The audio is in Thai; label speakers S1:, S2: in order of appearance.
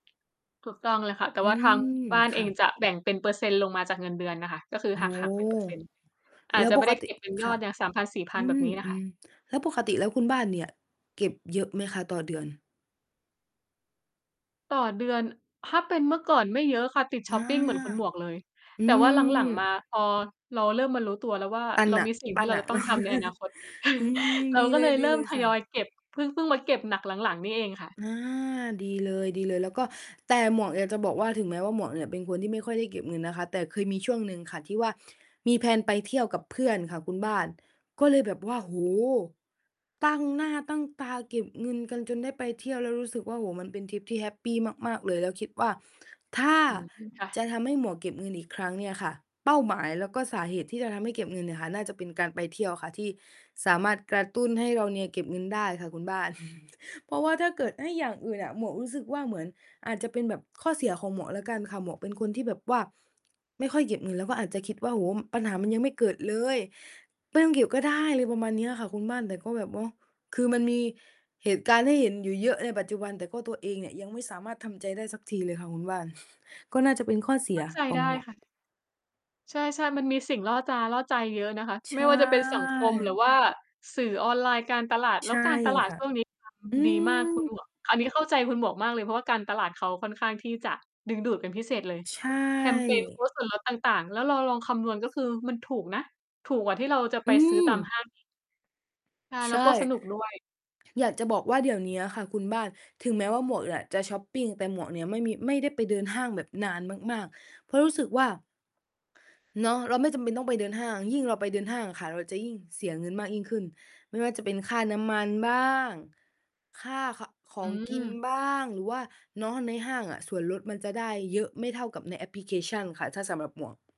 S1: ถูกต้องเลยค่ะ แต่
S2: อื
S1: ว่าทาง
S2: ม
S1: บ้าน
S2: ค
S1: เอ
S2: ่ะ
S1: งจะแบ่งเป็นเปอร์เซ็นต์ลงมาจากเงินเดือนน่ะค่ะ ก็คือ
S2: โอ้โ
S1: ห
S2: ฮ
S1: ัก หัก เป็นเปอร์เซ็นต์ อา
S2: แล
S1: จ
S2: ้ว
S1: จะไ
S2: ป
S1: ม่ไ
S2: ก
S1: ด้
S2: ต
S1: เ
S2: ิ
S1: ก็บเป็นย
S2: ค
S1: อ
S2: ่ะ
S1: ดอย่าง สามพันสี่พ
S2: อ
S1: ั
S2: ื
S1: น แบบ
S2: ม
S1: นี้น่ะ
S2: อื
S1: ค่ะ
S2: อ แล้วปกติแล้วคุณบ้านเนี่ยเก็บเยอะไหมคะต่อเดือน?
S1: ต่อเดือน ถ้าเป็นเมื่อก่อนไม่เยอะค่ะ ติดช
S2: อา
S1: ็อปปิงเหมือนคุณหมวกเลย
S2: อื
S1: แต่ว่า หลัง ๆ มา
S2: ม
S1: พอเราเริ่มมารู้ตัวแล้วว่า
S2: ปั้น
S1: เรา
S2: หนั
S1: ม
S2: ก
S1: ี สิ่ง
S2: ป
S1: ท
S2: ั
S1: ี
S2: ้
S1: ่
S2: น
S1: เร
S2: ห
S1: า
S2: นั
S1: จะ
S2: ก
S1: ต้อ
S2: เน
S1: ง
S2: าะ
S1: ทำในอนาคต
S2: อืม
S1: เร
S2: ด
S1: า
S2: ี
S1: ก็
S2: เ
S1: เลยเริ่
S2: ล
S1: ม
S2: ย
S1: ท
S2: ๆ ค่
S1: ยอย
S2: ะ
S1: เก็บ เพิ่ง เพิ่งมาเก็บหนักหลัง ๆ นี่เองค่ะ
S2: อา ดีเลย ๆ แล้วก็ แต่หมวกอยากจะบอกว่าถึงแม้ว่า หมวกเนี่ยเป็นคนที่ไม่ค่อยได้เก็บเงินนะคะ แต่เคยมีช่วงหนึ่งค่ะ ที่ว่ามี แพลน ไปเที่ยวกับเพื่อนค่ะคุณบ้าน ก็เลยแบบว่า โอ้โฮ! ตั้งหน้าตั้งตาเก็บเงินกันจนได้ไปเที่ยว แล้วรู้สึกว่า โอ้โฮ มันเป็นทริปที่แฮปปีมาก ๆ เลย แล้วคิดว่า ถ้า
S1: อืม ค่
S2: จะ
S1: ะ
S2: ทำให้หมวกเก็บเงินอีกครั้งเนี่ยค่ะ เป้าหมายแล้วก็สาเหตุที่จะทำให้เก็บเงินเนี่ยค่ะ น่าจะเป็นการไปเที่ยวค่ะ ที่สามารถกระตุ้นให้เราเนี่ยเก็บเงินได้ค่ะคุณบ้าน เพราะว่าถ้าเกิดให้อย่างอื่นอะ หมวกรู้สึกว่า เหมือนอาจจะเป็นแบบข้อเสียของหมวกแล้วกันค่ะ หมวกเป็นคนที่แบบว่าไม่ค่อยเก็บเงิน แล้วก็อาจจะคิดว่า โอ้ ปัญหามันยังไม่เกิดเลย ไม่ต้องเก็บก็ได้ อะไรประมาณเนี้ยค่ะคุณบ้าน แต่ก็แบบว่า คือมันมีเหตุการณ์ให้เห็นอยู่เยอะในปัจจุบัน แต่ก็ตัวเองเนี่ยยังไม่สามารถทำใจได้สักทีเลยค่ะคุณบ้าน ก็น่าจะเป็นข้อเส
S1: เข
S2: ี
S1: ้
S2: ย
S1: าใจ
S2: ขอ
S1: ไ
S2: ง
S1: ด้
S2: หมวก
S1: ค่ะ ใช่ ๆ มันมีสิ่งล่อตาล่อใจเยอะนะคะ
S2: ใ
S1: ไม
S2: ช
S1: ่ว่าจะเป็นสังคม หรื
S2: ่
S1: อว่าสื่อออนไลน์การตลาด แล
S2: ใ
S1: ้
S2: ช
S1: ว
S2: ่
S1: การตลาด
S2: ค่ะ
S1: ช่วงนี้ท
S2: อื
S1: ำ ดีมากคุณหม
S2: ม
S1: วก อันนี้เข้าใจคุณหมวกมากเลย เพราะว่าการตลาดเขาค่อนข้างที่จะ ดึงดูดเป็นพิเศษเลย
S2: ใช
S1: แคมเปญ โค
S2: ่
S1: ้ดส่วนลดต่าง ๆ แล้วเราลองคำนวณ ก็คือมันถูกนะ ถูกกว่าที่เราจะไป
S2: อื
S1: ซื้อต
S2: ม
S1: ามห้าง อีก ใช่
S2: ใ
S1: แ
S2: ช
S1: ล้
S2: ่
S1: วก็สนุก ด้วย
S2: อยากจะบอกว่า เดี๋ยวเนี้ยค่ะคุณบ้าน ถึงแม้ว่าหมวกเนี่ยจะช็อปปิง แต่หมวกเนี่ยไม่มี ไม่ได้ไปเดินห้างแบบนานมาก ๆ เพราะรู้สึกว่า เนาะ เราไม่จำเป็นต้องไปเดินห้าง ยิ่งเราไปเดินห้างอะค่ะ เราจะยิ่งเสียเงินมากยิ่งขึ้น ไม่ว่าจะเป็นค่าน้ำมันบ้าง ค่า ข ขอ
S1: อื
S2: งกิน
S1: ม
S2: บ้าง หรือว่าเนาะในห้างอะส่วนลดมันจะได้เยอะไม่เท่ากับในแอปพลิเคชันค่ะ ถ้าสำหรับหมวก